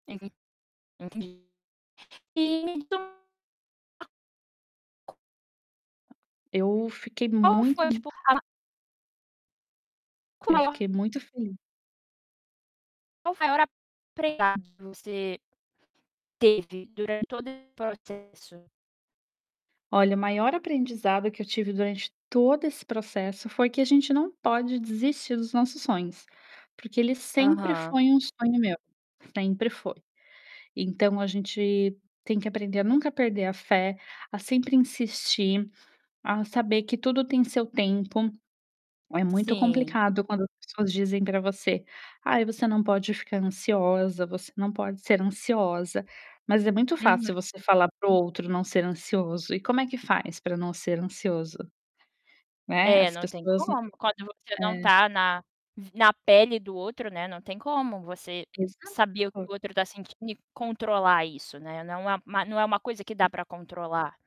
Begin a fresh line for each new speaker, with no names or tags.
[unintelligible] Entendi. Então
Eu fiquei
Qual
muito
foi tipo a
Eu
Qual?
fiquei muito feliz
Qual foi o maior aprendizado que você teve durante todo esse processo?
Olha, maior aprendizado que eu tive durante todo esse processo foi que a gente não pode desistir dos nossos sonhos, porque ele sempre
Aham.
foi um sonho meu, sempre foi. Então a gente tem que aprender a nunca perder a fé, a sempre insistir, a saber que tudo tem seu tempo. É muito
Sim.
complicado quando as pessoas dizem para você, ai você não pode ficar ansiosa, você não pode ser ansiosa, mas é muito
Uhum.
fácil você falar para o outro não ser ansioso, e como é que faz para não ser ansioso? Né,
É
as
não tem
pessoas não
como quando você não
é.
tá na v na pele do outro, né, não tem como você
Exato.
saber o que o outro está sentindo e controlar isso não é não é a não é uma coisa que dá para controlar.